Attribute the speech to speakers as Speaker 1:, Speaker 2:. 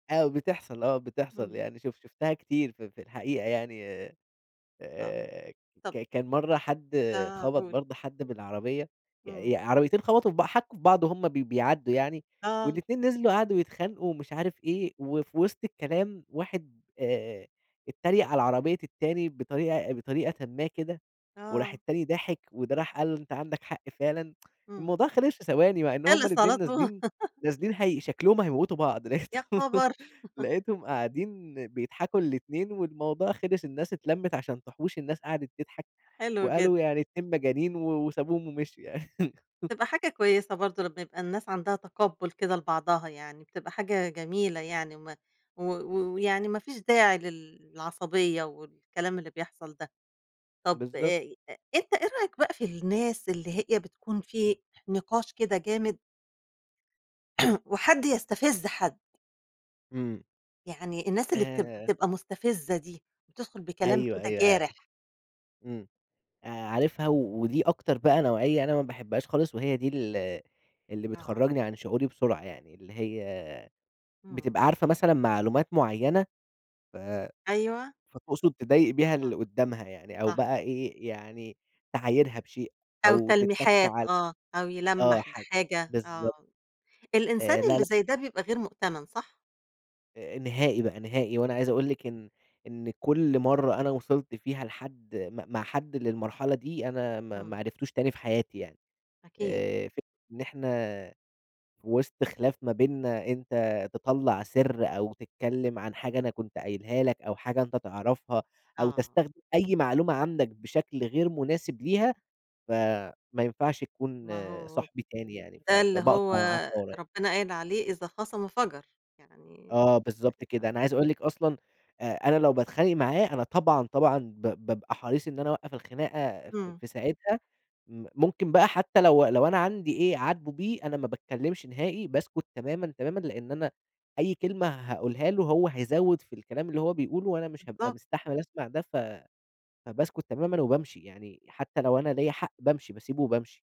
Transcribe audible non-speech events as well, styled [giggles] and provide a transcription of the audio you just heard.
Speaker 1: آه بتحصَل، آه بتحصَل
Speaker 2: اهم.
Speaker 1: يعني شف شُفتها كتير ف في الحقيقة، يعني
Speaker 2: آه.
Speaker 1: آآ ك
Speaker 2: طَب
Speaker 1: كان مرَّة حد
Speaker 2: آه،
Speaker 1: خبَط
Speaker 2: قُل.
Speaker 1: برضه حد بالعربية، ي
Speaker 2: إمم.
Speaker 1: ي عربيتين خبَطوا في بع حكّوا في بعض وهُم بي بيعَدّوا يعني
Speaker 2: آه.
Speaker 1: والإتنين نزِلوا قعدوا يتخانقوا ومش عارف إيه وفي وسْط الكلام واحد، آآ إتّريق على عربية التاني بطريقة بطريقةً ما كده وراح
Speaker 2: آه.
Speaker 1: التاني ضاحك وده راح قال له: "أنت عَندك حق فعلًا." [tsk]
Speaker 2: إمم.
Speaker 1: الموضوع خلِص في ثواني، مع إن هُم
Speaker 2: خلِص على
Speaker 1: الإتنين
Speaker 2: طو
Speaker 1: نازلين
Speaker 2: [giggles]
Speaker 1: نازلين هي شكْلهم هيموِّتوا بعض،
Speaker 2: يا
Speaker 1: لقيتهم
Speaker 2: خبر! [laughs]
Speaker 1: لقيتهم قاعدين بيضحَكوا الإتنين والموضوع خلِص، الناس اتلمِّت عشان تحُوش، الناس قعَدِت تضحَك
Speaker 2: حلو جدًا.
Speaker 1: وقالوا يعني إتنين مجانين و وسابوهم ومشيوا يعني.
Speaker 2: بتبقى
Speaker 1: [laughs]
Speaker 2: حاجة كويسة برضه لمّا يبقى الناس عَندها تقبُّل كده لبعضها، يعني بتبقى حاجة جميلة يعني وم و و ويعني ما فيش داعي للعصبيّة والكلام اللي بيحصَل ده. طَب
Speaker 1: بالضبط.
Speaker 2: آآ، أ أنت إيه رأيك بقى في الناس اللي هي بتكُون في نقاش كده جامد [clears throat] وحد يستفِز حد؟
Speaker 1: إمم.
Speaker 2: يعني الناس اللي بت
Speaker 1: آآ
Speaker 2: بتبقى مستفِزَّة دي، بتدخُل بكلام
Speaker 1: أيوه،
Speaker 2: كده
Speaker 1: أيوه، آآ،
Speaker 2: جارح.
Speaker 1: إمم، آآ، عارفها، و ودي أكتر بقى نوعيّة أنا ما باحبهاش خالص وهي دي ال اللي
Speaker 2: آه.
Speaker 1: بتخرّجني عن شعوري بسرعة يعني، اللي هي
Speaker 2: إمم.
Speaker 1: بتبقى عارفة مثلًا معلومات معيّنة ف
Speaker 2: أيوه.
Speaker 1: فتقصُد تضايق بيها
Speaker 2: آه،
Speaker 1: اللي قُدّامها يعني أو
Speaker 2: صح.
Speaker 1: بقى إيه، يعني تعايرها بشيء
Speaker 2: أو
Speaker 1: أو تِتَّك
Speaker 2: تلميحات،
Speaker 1: على
Speaker 2: آه، أو
Speaker 1: آه،
Speaker 2: يلمّح
Speaker 1: حاجة
Speaker 2: بحاجة، آه،
Speaker 1: بالضبط.
Speaker 2: الإنسان
Speaker 1: آآ، لا، لأ.
Speaker 2: اللي زي ده بيبقى غير مؤتمَن صح؟
Speaker 1: أ نهائي بقى، نهائي، وأنا عايز أقول لِك إن إن كلّ مرَّة أنا وصِلت فيها لحد م مع حد للمرحلة دي، أنا ما ما
Speaker 2: إمم.
Speaker 1: عرفتوش تاني في حياتي يعني.
Speaker 2: أكيد.
Speaker 1: آآ، فكرة إن إحنا في وسْط خلِاف ما بيننا، أنت تطلَّع سِر أو تتكلّم عن حاجة أنا كنت قايلها لك أو حاجة أنت تعرَفها أو
Speaker 2: آه.
Speaker 1: تستخدم أي معلومة عندك بشكل غير مناسب ليها فما ينفعش تكون
Speaker 2: ما هو،
Speaker 1: صاحبي تاني يعني، ف
Speaker 2: ده اللي هو
Speaker 1: فباقطَع معاه فورًا.
Speaker 2: ربنا قايل عليه، إذا خاصم فَجَر، يعني
Speaker 1: آه، بالضبط
Speaker 2: يعني،
Speaker 1: كده.
Speaker 2: آه.
Speaker 1: أنا عايز أقول لِك أصلًا أ أنا لو باتخانق معاه أنا طبعًا، طبعًا ب بابقى حريص إن أنا أوقّف الخناقة في
Speaker 2: إمم.
Speaker 1: في ساعتها، م ممكن بقى حتى لو لو أنا عندي إيه أعاتبه بيه، أنا ما باتكلّمش نهائي، باسكُت تمامًا، تمامًا، لأن أنا أي كلمة هاقولها له هو هيزوّد في الكلام اللي هو بيقوله وأنا مش هابقى
Speaker 2: بالضبط.
Speaker 1: مستحمِل أسمَع ده، ف فباسكُت تمامًا وبامشِي، يعني حتى لو أنا ليَّ حق بامشِي، باسيبه وبامشِي.